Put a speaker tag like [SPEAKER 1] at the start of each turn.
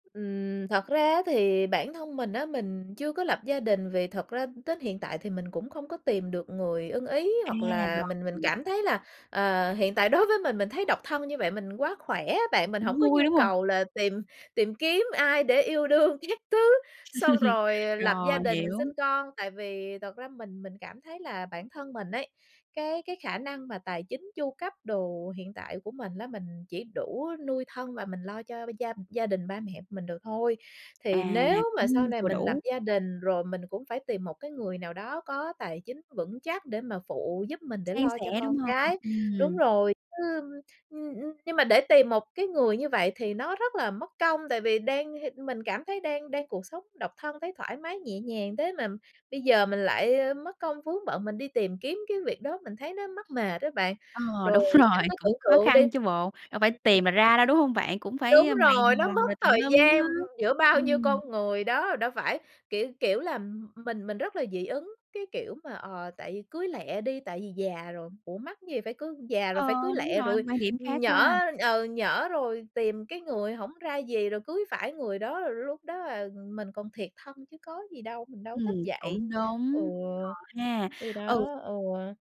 [SPEAKER 1] Ừm, thật ra á thì bản thân mình á, mình chưa có lập gia đình vì thật ra đến hiện tại thì mình cũng không có tìm được người ưng ý,
[SPEAKER 2] À,
[SPEAKER 1] hoặc là
[SPEAKER 2] rồi,
[SPEAKER 1] mình mình
[SPEAKER 2] ừm.
[SPEAKER 1] cảm thấy là, ờ, hiện tại đối với mình, mình thấy độc thân như vậy mình quá khỏe ấy bạn, mình hổng
[SPEAKER 2] Cũng
[SPEAKER 1] có
[SPEAKER 2] vui,
[SPEAKER 1] nhu
[SPEAKER 2] đúng hông?
[SPEAKER 1] cầu là tìm tìm kiếm ai để yêu đương các thứ, xong rồi lập gia
[SPEAKER 2] Rồi,
[SPEAKER 1] đình sinh
[SPEAKER 2] hiểu.
[SPEAKER 1] con. Tại vì thật ra mình mình cảm thấy là bản thân mình ấy, cái cái khả năng mà tài chính, chu cấp đồ hiện tại của mình lá, mình chỉ đủ nuôi thân và mình lo cho b gia gia đình, ba mẹ mình được thôi.
[SPEAKER 2] À,
[SPEAKER 1] Thì nếu mà sau
[SPEAKER 2] cũng
[SPEAKER 1] này
[SPEAKER 2] vừa
[SPEAKER 1] mình lập
[SPEAKER 2] đủ.
[SPEAKER 1] gia đình rồi mình cũng phải tìm một cái người nào đó có tài chính vững chắc để mà phụ giúp mình, để
[SPEAKER 2] San
[SPEAKER 1] lo cho
[SPEAKER 2] sẻ,
[SPEAKER 1] con
[SPEAKER 2] đúng hông?
[SPEAKER 1] cái. Đúng
[SPEAKER 2] Ừm.
[SPEAKER 1] rồi, chứ ưm, ưm, nhưng mà để tìm một cái người như vậy thì nó rất là mất công tại vì đang h mình cảm thấy đang đang cuộc sống độc thân thấy thoải mái nhẹ nhàng thế mà bây giờ mình lại, ơ, mất công vướng bận, mình đi tìm kiếm cái việc đó, mình thấy nó mắc mệt á bạn.
[SPEAKER 2] Ờ,
[SPEAKER 1] Rồi
[SPEAKER 2] đúng
[SPEAKER 1] bạn
[SPEAKER 2] rồi,
[SPEAKER 1] cứ
[SPEAKER 2] cũng
[SPEAKER 1] tưởng
[SPEAKER 2] khó
[SPEAKER 1] tượng đi
[SPEAKER 2] khăn chứ bộ. Đâu phải
[SPEAKER 1] ừm, ừm.
[SPEAKER 2] tìm là ra đâu, đúng hông bạn? Cũng phải,
[SPEAKER 1] Đúng
[SPEAKER 2] ơ, mày
[SPEAKER 1] rồi, nó
[SPEAKER 2] mò
[SPEAKER 1] mất
[SPEAKER 2] rồi tùm
[SPEAKER 1] thời
[SPEAKER 2] lum á.
[SPEAKER 1] gian, ưm, giữa bao nhiêu
[SPEAKER 2] Ừm.
[SPEAKER 1] con người đó. Đâu phải, kiểu kiểu là, m mình mình rất là dị ứng, cái kiểu mà, ờ, tại vì cưới lẹ đi, tại vì già rồi, ủa mắc gì phải cưới? Già rồi phải
[SPEAKER 2] Ờ,
[SPEAKER 1] cưới
[SPEAKER 2] đúng
[SPEAKER 1] lẹ
[SPEAKER 2] rồi,
[SPEAKER 1] rồi,
[SPEAKER 2] quan điểm
[SPEAKER 1] ừm,
[SPEAKER 2] khác
[SPEAKER 1] nhỡ,
[SPEAKER 2] quá.
[SPEAKER 1] ừ, nhỡ rồi tìm cái người hổng ra gì rồi cưới phải người đó, rồi lúc đó, à, mình còn thiệt thân chứ có gì đâu, mình đâu có thích
[SPEAKER 2] Ừm,
[SPEAKER 1] vậy.
[SPEAKER 2] cũng
[SPEAKER 1] Ừ,
[SPEAKER 2] đúng, ờ ha,
[SPEAKER 1] thì
[SPEAKER 2] ừ.
[SPEAKER 1] đó, ừ.